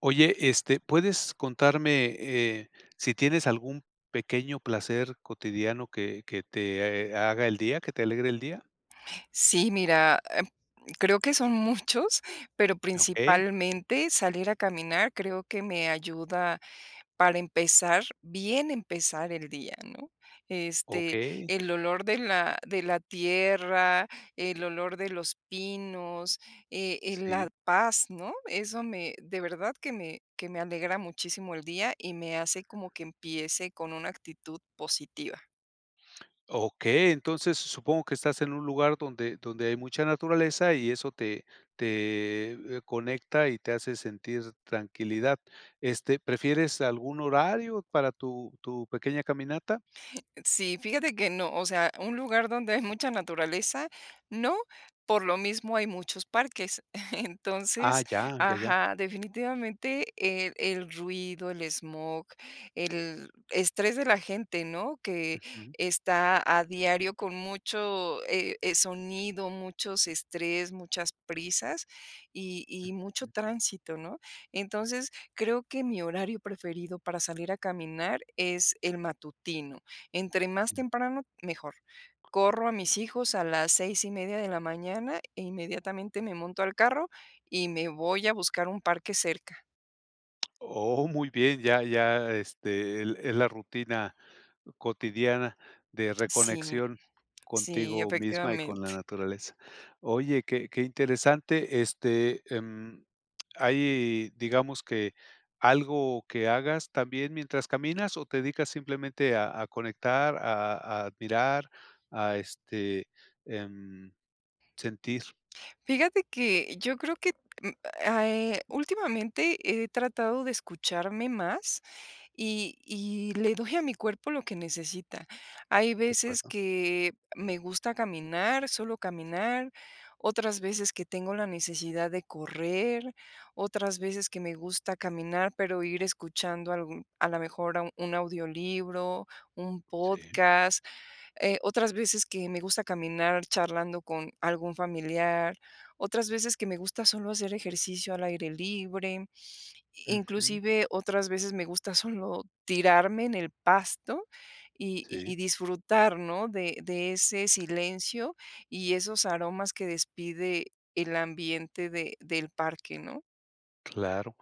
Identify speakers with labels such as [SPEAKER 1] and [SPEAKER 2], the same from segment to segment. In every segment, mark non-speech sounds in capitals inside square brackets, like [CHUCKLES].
[SPEAKER 1] Oye, este, ¿puedes contarme, eh, si tienes algún pequeño placer cotidiano que que te, eh, haga el día que te alegre el día?
[SPEAKER 2] Sí, mira, eh, creo que son [CHUCKLES] muchos, pero
[SPEAKER 1] Okey.
[SPEAKER 2] principalmente salir a caminar creo que me ayuda, para empezar, bien empezar el día, ¿no?, este,
[SPEAKER 1] Okey.
[SPEAKER 2] el olor de la de la tierra, el olor de los pinos, eh, eh, la
[SPEAKER 1] Sí.
[SPEAKER 2] paz, ¿no?, eso me de verdad, que me que me alegra muchísimo el día, y me hace como que empiece con una actitud positiva.
[SPEAKER 1] Okey. Entonces supongo que estás en un lugar donde donde hay mucha naturaleza y eso te te, eh, conecta y te hace sentir tranquilidad. Este, ¿prefieres algún horario para tu tu pequeña caminata?
[SPEAKER 2] Sí, fíjate que no, o sea, un lugar donde hay mucha naturaleza, no, por lo mismo hay muchos parques. [CHUCKLES] Entonces,
[SPEAKER 1] Ah, ya ya ya.
[SPEAKER 2] ajá, definitivamente el el ruido, el esmog, el estrés de la gente, ¿no?, que
[SPEAKER 1] Ujú.
[SPEAKER 2] está a diario con mucho, eh, eh, sonido, muchos estrés, muchas prisas. Y y mucho
[SPEAKER 1] Ujú.
[SPEAKER 2] tránsito, ¿no?, entonces, creo que mi horario preferido para salir a caminar es el matutino. Entre más
[SPEAKER 1] Ya.
[SPEAKER 2] temprano, mejor. Corro a mis hijos a las 6 y media de la mañana e inmediatamente me monto al carro, y me voy a buscar un parque cerca.
[SPEAKER 1] Oh, muy bien, ya ya, este, es la rutina cotidiana de
[SPEAKER 2] Sí
[SPEAKER 1] reconexión
[SPEAKER 2] sí,
[SPEAKER 1] contigo misma y con la
[SPEAKER 2] efectivamente.
[SPEAKER 1] naturaleza. Oye, qué qué interesante, este, em. Hay, digamos que algo que hagas también mientras caminas o te dedicas simplemente a a conectar, a admirar, a este, em, sentir.
[SPEAKER 2] Fíjate que, yo creo que, eh, últimamente he tratado de escucharme más y y le doy a mi cuerpo lo que necesita. Hay
[SPEAKER 1] De
[SPEAKER 2] veces
[SPEAKER 1] acuerdo.
[SPEAKER 2] que me gusta caminar, solo caminar, otras veces que tengo la necesidad de correr, otras veces que me gusta caminar, pero ir escuchando a lo mejor un audiolibro, un
[SPEAKER 1] Sí.
[SPEAKER 2] podcast, eh, otras veces que me gusta caminar charlando con algún familiar, otras veces que me gusta solo hacer ejercicio al aire libre,
[SPEAKER 1] Ujú.
[SPEAKER 2] inclusive otras veces me gusta solo tirarme en el pasto y
[SPEAKER 1] Sí.
[SPEAKER 2] y disfrutar, ¿no?, de de ese silencio y esos aromas que despide el ambiente de del parque, ¿no?
[SPEAKER 1] Claro,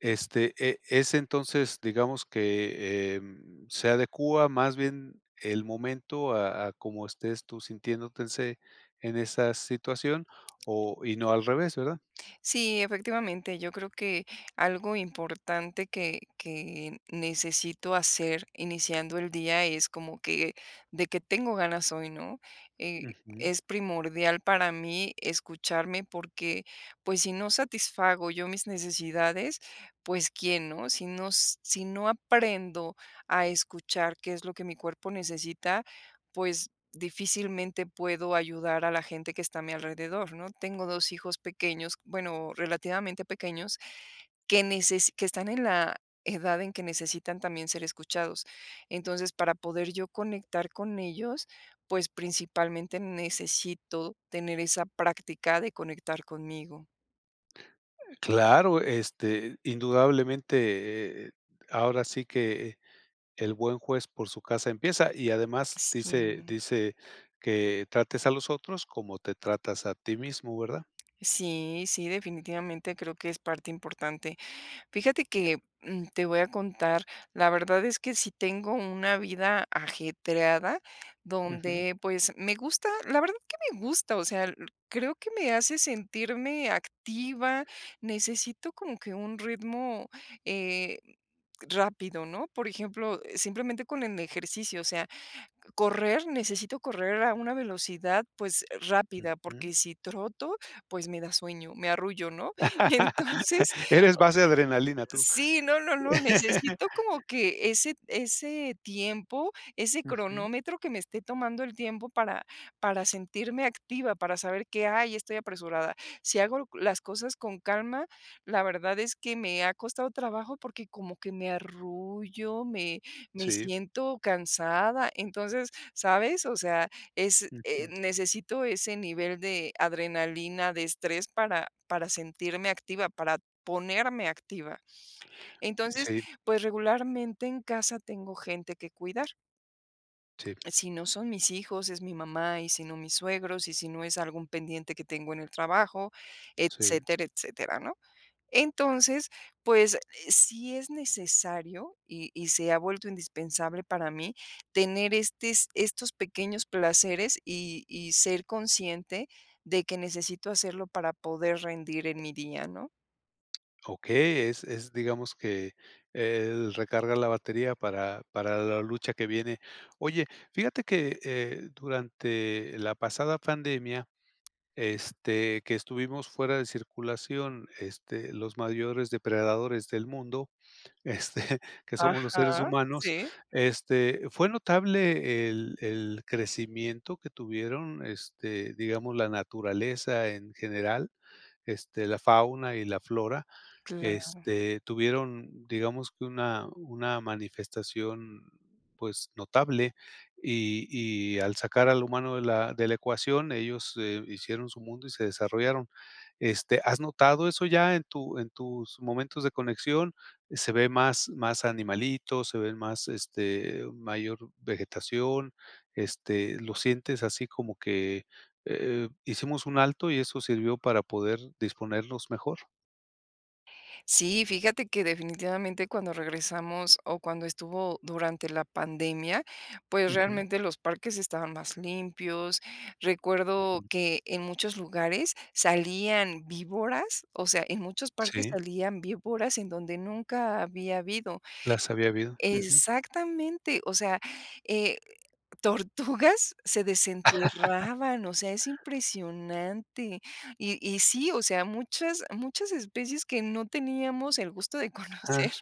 [SPEAKER 1] este, eh, es entonces, digamos que, em, se adecúa más bien el momento a a como estés tú sintiéndote ese en esa situación, o y no al revés, ¿verdad?
[SPEAKER 2] Sí, efectivamente, yo creo que algo importante que que necesito hacer iniciando el día es como que: "¿De qué tengo ganas hoy?",¿no?
[SPEAKER 1] Ujú.
[SPEAKER 2] Es primordial para mí escucharme, porque, pues, si no satisfago yo mis necesidades, pues, ¿quién, no? Si no si no aprendo a escuchar qué es lo que mi cuerpo necesita, pues difícilmente puedo ayudar a la gente que está a mi alrededor, ¿no? Tengo 2 hijos pequeños. Bueno, relativamente pequeños, que necesi que están en la edad en que necesitan también ser escuchados. Entonces, para poder yo conectar con ellos, pues, principalmente necesito tener esa práctica de conectar conmigo.
[SPEAKER 1] Claro, este indudablemente, eh, ahora sí que el buen juez por su casa empieza. Y además dice
[SPEAKER 2] Sí.
[SPEAKER 1] dice, que trates a los otros como te tratas a ti mismo, ¿verdad?
[SPEAKER 2] Sí, sí, definitivamente creo que es parte importante. Fíjate que, mm, te voy a contar, la verdad es que sí tengo una vida ajetreada
[SPEAKER 1] Ujú.
[SPEAKER 2] donde, pues me gusta, la verdad que me gusta. O sea, creo que me hace sentirme activa, necesito como que un ritmo, eh, rápido, ¿no? Por ejemplo, simplemente con el ejercicio, o sea, correr. Necesito correr a una velocidad, pues, rápida,
[SPEAKER 1] Ujú.
[SPEAKER 2] porque si troto, pues, me da sueño, me arrullo, ¿no? Y entonces,
[SPEAKER 1] [LAUGHS] Eres base adrenalina, tú.
[SPEAKER 2] sí, no, no, no,
[SPEAKER 1] [CHUCKLES]
[SPEAKER 2] necesito como que ese ese tiempo, ese
[SPEAKER 1] Ujú.
[SPEAKER 2] cronómetro que me esté tomando el tiempo para para sentirme activa, para saber que, hay estoy apresurada. Si hago las cosas con calma, la verdad es que me ha costado trabajo porque como que me arrullo, me me
[SPEAKER 1] Sí.
[SPEAKER 2] siento cansada. Entonces, ¿sabes? O sea, es eh,
[SPEAKER 1] Ujú.
[SPEAKER 2] necesito ese nivel de adrenalina, de estrés para para sentirme activa, para ponerme activa. Entonces,
[SPEAKER 1] Sí.
[SPEAKER 2] pues, regularmente en casa tengo gente que cuidar.
[SPEAKER 1] Sí.
[SPEAKER 2] Si no son mis hijos, es mi mamá y si no mis suegros y si no es algún pendiente que tengo en el trabajo,
[SPEAKER 1] Sí.
[SPEAKER 2] etcétera etcétera, ¿no?, entonces, pues sí es necesario y y se ha vuelto indispensable para mí tener estes estos pequeños placeres y y ser consciente de que necesito hacerlo para poder rendir en mi día, ¿no?
[SPEAKER 1] Okey, es es, digamos que el recarga la batería para para la lucha que viene. Oye, fíjate que, eh, durante la pasada pandemia, este, que estuvimos fuera de circulación, este, los mayores depredadores del mundo, este, que somos los seres
[SPEAKER 2] Ajá,
[SPEAKER 1] humanos,
[SPEAKER 2] sí.
[SPEAKER 1] este, fue notable el el crecimiento que tuvieron, este, digamos, la naturaleza en general, este, la fauna y la flora,
[SPEAKER 2] Claro.
[SPEAKER 1] este, tuvieron, digamos, que una una manifestación, pues notable y y al sacar al humano de la de la ecuación, ellos hicieron su mundo y se desarrollaron, este, ¿has notado eso ya en tu en tus momentos de conexión? ¿Se ven más animalitos? ¿Se ve más, este, mayor vegetación? Este, ¿lo sientes así como que eh hicimos un alto y eso sirvió para poder disponernos mejor?
[SPEAKER 2] Sí, fíjate que definitivamente cuando regresamos o cuando estuvo durante la pandemia, pues
[SPEAKER 1] Ujú.
[SPEAKER 2] realmente los parques estaban más limpios. Recuerdo que en muchos lugares salían víboras, o sea, en muchos parques
[SPEAKER 1] Sí.
[SPEAKER 2] salían víboras en donde nunca había habido.
[SPEAKER 1] Las había habido. Ujú.
[SPEAKER 2] Exactamente. O sea, eh, [CHUCKLES] tortugas se
[SPEAKER 1] [LAUGHS]
[SPEAKER 2] desenterraban. O sea, es impresionante y y sí, o sea, muchas, muchas especies que no teníamos el gusto de conocer,
[SPEAKER 1] Ajá.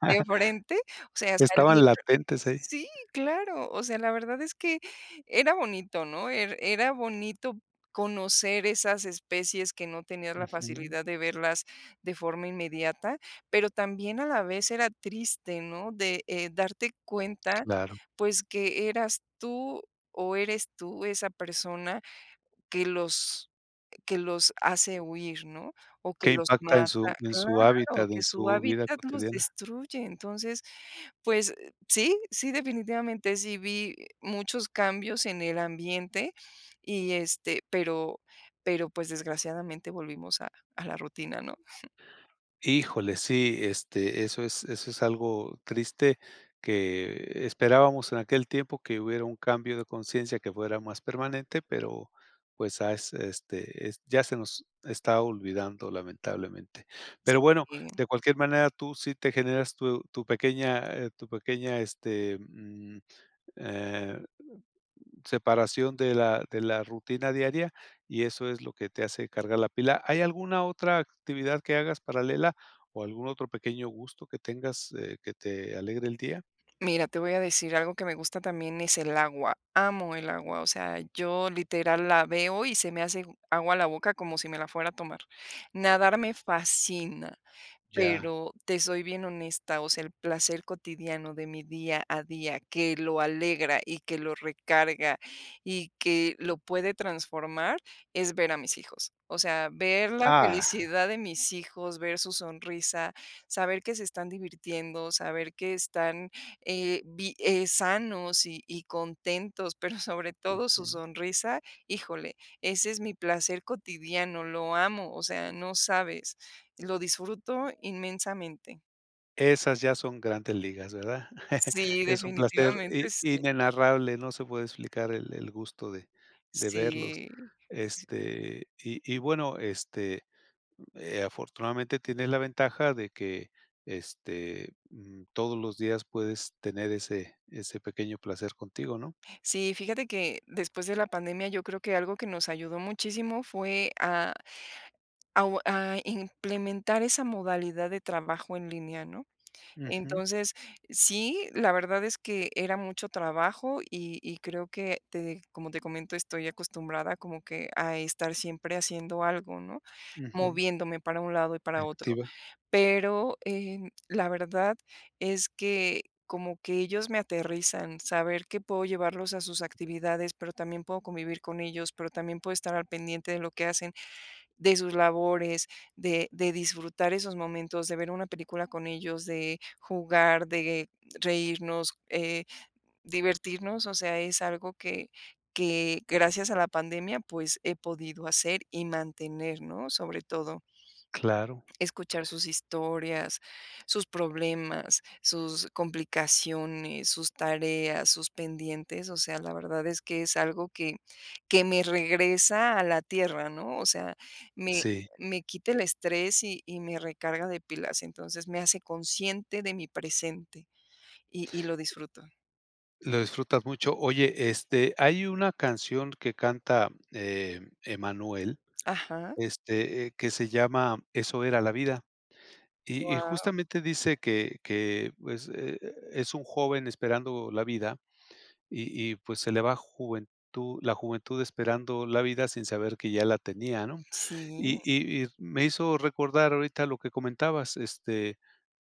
[SPEAKER 2] de frente. O sea, salir.
[SPEAKER 1] Estaban latentes, ¿eh?
[SPEAKER 2] Sí, claro. O sea, la verdad es que, era bonito, ¿no?, e era bonito conocer esas especies que no tenías la
[SPEAKER 1] Ujú.
[SPEAKER 2] facilidad de verlas de forma inmediata. Pero, también a la vez era triste, ¿no?, de, eh, darte cuenta,
[SPEAKER 1] Claro.
[SPEAKER 2] pues, que eras tú o eres tú esa persona que los que los hace huir, ¿no?, o que
[SPEAKER 1] Que
[SPEAKER 2] los
[SPEAKER 1] impacta en
[SPEAKER 2] mata.
[SPEAKER 1] su en su
[SPEAKER 2] Claro,
[SPEAKER 1] hábitat.
[SPEAKER 2] que
[SPEAKER 1] En
[SPEAKER 2] su
[SPEAKER 1] su vida
[SPEAKER 2] hábitat los
[SPEAKER 1] cotidiana.
[SPEAKER 2] destruye. Entonces, pues, eh, sí, sí, definitivamente sí vi, eh, muchos cambios en el ambiente y este, pero pero pues, desgraciadamente volvimos a a la rutina, ¿no? [CHUCKLES]
[SPEAKER 1] Híjole. Sí, este, eso es eso es algo triste, que esperábamos en aquel tiempo que hubiera un cambio de conciencia que fuera más permanente, pero pues, as este ya se nos está olvidando, lamentablemente. Pero bueno,
[SPEAKER 2] Sí.
[SPEAKER 1] de cualquier manera, tú sí te generas tu tu pequeña, eh, tu pequeña, este, mm, eh, separación de la de la rutina diaria y eso es lo que te hace cargar la pila. ¿Hay alguna otra actividad que hagas paralela o algún otro pequeño gusto que tengas, eh, que te alegre el día?
[SPEAKER 2] Mira, te voy a decir algo que me gusta también es el agua. Amo el agua. O sea, yo literal la veo y se me hace agua la boca como si me la fuera a tomar. Nadar me fascina,
[SPEAKER 1] Ya.
[SPEAKER 2] pero te soy bien honesta. O sea, el placer cotidiano de mi día a día que lo alegra, y que lo recarga, y que lo puede transformar, es ver a mis hijos. O sea, ver la
[SPEAKER 1] ¡Ah!
[SPEAKER 2] felicidad de mis hijos, ver su sonrisa, saber que se están divirtiendo, saber que están, eh, bi eh, sanos y y contentos, pero sobre [CHUCKLES] todo su
[SPEAKER 1] Ujú.
[SPEAKER 2] sonrisa, ¡híjole!, ese es mi placer cotidiano, lo amo, o sea, no sabes, lo disfruto inmensamente.
[SPEAKER 1] Esas ya son grandes ligas, ¿verdad? [CHUCKLES]
[SPEAKER 2] Sí,
[SPEAKER 1] Es un placer i
[SPEAKER 2] definitivamente sí.
[SPEAKER 1] inenarrable, no se puede explicar el el gusto de de verlos
[SPEAKER 2] Sí sí.
[SPEAKER 1] este y y bueno, este, eh, afortunadamente tienes la ventaja de que este, mm, todos los días puedes tener ese ese pequeño placer contigo, ¿no?
[SPEAKER 2] Sí, fíjate que después de la pandemia, yo creo que algo que nos ayudó muchísimo fue a a o a implementar esa modalidad de trabajo en línea, ¿no?
[SPEAKER 1] Ujú.
[SPEAKER 2] Entonces, sí, la verdad es que era mucho trabajo y y creo que te como te comento, estoy acostumbrada como que a estar siempre haciendo algo, ¿no?,
[SPEAKER 1] Ujú.
[SPEAKER 2] moviéndome para un lado y para otro.
[SPEAKER 1] Activa.
[SPEAKER 2] Pero, em, la verdad es que como que ellos me aterrizan, saber que puedo llevarlos a sus actividades, pero también puedo convivir con ellos, pero también puedo estar al pendiente de lo que hacen, de sus labores, de de disfrutar esos momentos, de ver una película con ellos, de jugar, de reírnos, eh, divertirnos, o sea, es algo que que gracias a la pandemia, pues he podido hacer y mantener, ¿no?, sobre todo
[SPEAKER 1] Claro.
[SPEAKER 2] escuchar sus historias, sus problemas, sus complicaciones, sus tareas, sus pendientes, o sea, la verdad es que es algo que que me regresa a la tierra, ¿no?, o sea, me
[SPEAKER 1] Sí.
[SPEAKER 2] me quita el estrés y y me recarga de pilas, entonces me hace consciente de mi presente y y lo disfruto.
[SPEAKER 1] Lo disfrutas mucho. Oye, este hay una canción que canta, eh, Emmanuel,
[SPEAKER 2] Ajá.
[SPEAKER 1] este, eh, que se llama Eso era la vida. Y y
[SPEAKER 2] Guau.
[SPEAKER 1] justamente, dice que que, pues, eh, es un joven esperando la vida, y y pues, se le va juventud la juventud esperando la vida sin saber que ya la tenía, ¿no?
[SPEAKER 2] Sí.
[SPEAKER 1] Y y y me hizo recordar ahorita lo que comentabas, este,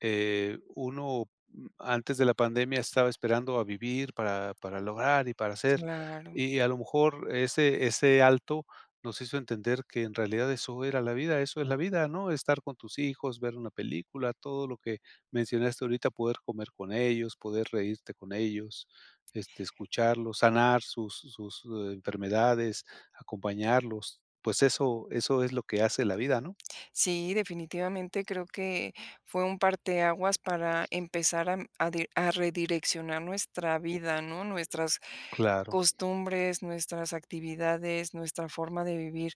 [SPEAKER 1] eh, uno, mm, antes de la pandemia estaba esperando a vivir para para lograr, y para hacer.
[SPEAKER 2] Claro.
[SPEAKER 1] Y a lo mejor ese ese alto, nos hizo entender que en realidad eso era la vida. Eso es la vida, ¿no? Estar con tus hijos, ver una película, todo lo que mencionaste ahorita poder comer con ellos, poder reírte con ellos, este, escucharlos, sanar sus sus enfermedades, acompañarlos. Pues eso eso es lo que hace la vida, ¿no?
[SPEAKER 2] Sí, definitivamente creo que fue un parteaguas para empezar a m a di a redireccionar nuestra vida, ¿no? Nuestras
[SPEAKER 1] Claro.
[SPEAKER 2] costumbres, nuestras actividades, nuestra forma de vivir.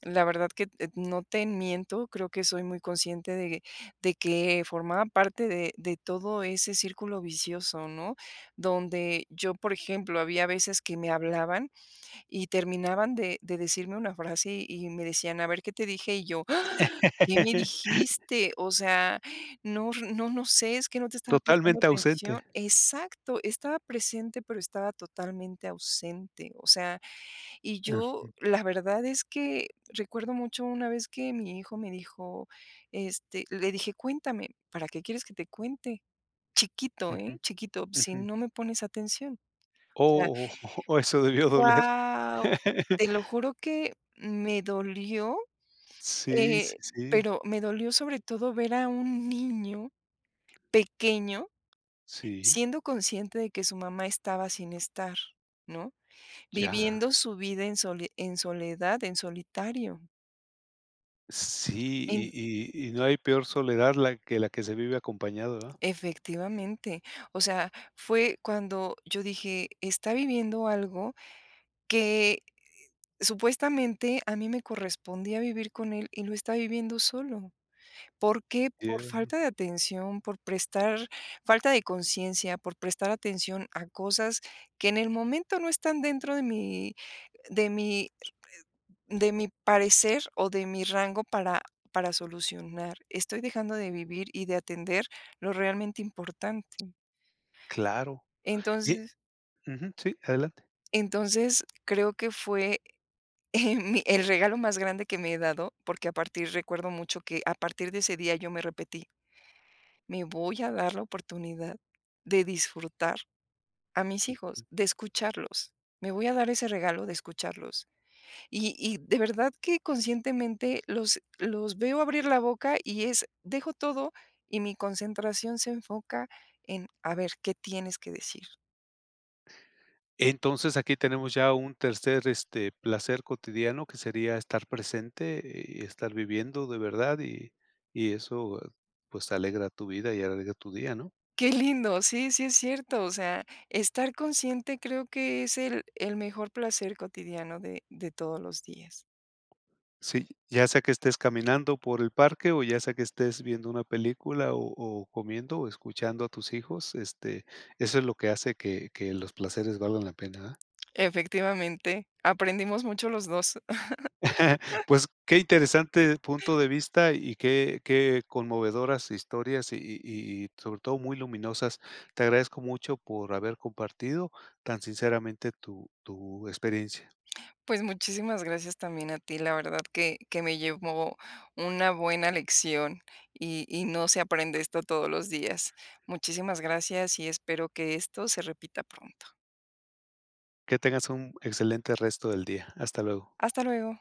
[SPEAKER 2] La verdad que, eh, t no te miento. Creo que soy muy consciente de de que formaba parte de de todo ese círculo vicioso, ¿no? Donde yo, por ejemplo, había veces que me hablaban, y terminaban de de decirme una frase, y me decían: "A ver, ¿qué te dije?". Y yo: "Ah, ¿qué me
[SPEAKER 1] [LAUGHS]
[SPEAKER 2] dijiste?. O sea, no, no no sé, es que no te estaba prestando
[SPEAKER 1] Totalmente ausente.
[SPEAKER 2] atención". Exacto, estaba presente, pero estaba totalmente ausente. O sea, y yo,
[SPEAKER 1] Ujú.
[SPEAKER 2] la verdad es que recuerdo mucho una vez que mi hijo me dijo, este, le dije: "Cuéntame. '¿Para qué quieres que te cuente?'". Chiquito, ¿eh?
[SPEAKER 1] Ujú,
[SPEAKER 2] chiquito: "Si
[SPEAKER 1] ujú.
[SPEAKER 2] no me pones atención". O sea
[SPEAKER 1] Oh, eso debió doler.
[SPEAKER 2] Guau,
[SPEAKER 1] [LAUGHS]
[SPEAKER 2] te lo juro que me dolió,
[SPEAKER 1] Sí, sí,
[SPEAKER 2] eh,
[SPEAKER 1] sí.
[SPEAKER 2] pero me dolió sobre todo ver a un niño pequeño
[SPEAKER 1] Sí.
[SPEAKER 2] siendo consciente de que su mamá estaba sin estar, ¿no?
[SPEAKER 1] Ya.
[SPEAKER 2] Viviendo su vida en sole en soledad, en solitario.
[SPEAKER 1] Sí, y
[SPEAKER 2] En
[SPEAKER 1] y y no hay peor soledad, la que que la que se vive acompañado, ¿verdad?
[SPEAKER 2] Efectivamente, o sea, fue cuando yo dije está viviendo algo, que supuestamente a mí me correspondía vivir con él y lo está viviendo solo, ¿por qué? ¿Por
[SPEAKER 1] [UNINTELLIGIBLE]
[SPEAKER 2] falta de atención? Por prestar falta de conciencia, por prestar atención a cosas que en el momento no están dentro de mi de mi de mi parecer, o de mi rango para para solucionar, estoy dejando de vivir y de atender lo realmente importante
[SPEAKER 1] Claro. Y
[SPEAKER 2] entonces
[SPEAKER 1] ujú sí, adelante.
[SPEAKER 2] entonces creo que fue, eh, mi, [CHUCKLES] el regalo más grande que me he dado, porque, a partir recuerdo mucho que a partir de ese día yo me repetí me voy a dar la oportunidad, de disfrutar a mis hijos, de escucharlos. Me voy a dar ese regalo de escucharlos y y de verdad que conscientemente los los veo abrir la boca, y es dejo todo y mi concentración se enfoca en, a ver qué tienes que decir.
[SPEAKER 1] Entonces aquí tenemos ya un tercer, este, placer cotidiano que sería estar presente, y estar viviendo de verdad, y y eso, pues, alegra tu vida y alegra tu día, ¿no?
[SPEAKER 2] ¡Qué lindo! Sí, sí, es cierto, o sea, estar consciente, creo que es el el mejor placer cotidiano de de todos los días.
[SPEAKER 1] Sí, ya sea que estés caminando por el parque, o ya sea que estés viendo una película, o o comiendo, o escuchando a tus hijos, este, eso es lo que hace que que los placeres valgan la pena, ¿verdad?
[SPEAKER 2] Efectivamente, aprendimos mucho los 2.
[SPEAKER 1] [CHUCKLES]
[SPEAKER 2] [CHUCKLES]
[SPEAKER 1] Pues, qué interesante punto de vista, y qué qué conmovedoras historias, y y y sobre todo muy luminosas. Te agradezco mucho por haber compartido tan sinceramente tu tu experiencia.
[SPEAKER 2] Pues, muchísimas gracias también a ti. La verdad que que me llevo una buena lección, y y no se aprende esto todos los días. Muchísimas gracias, y espero que esto se repita pronto.
[SPEAKER 1] Que tengas un excelente resto del día. Hasta luego.
[SPEAKER 2] Hasta luego.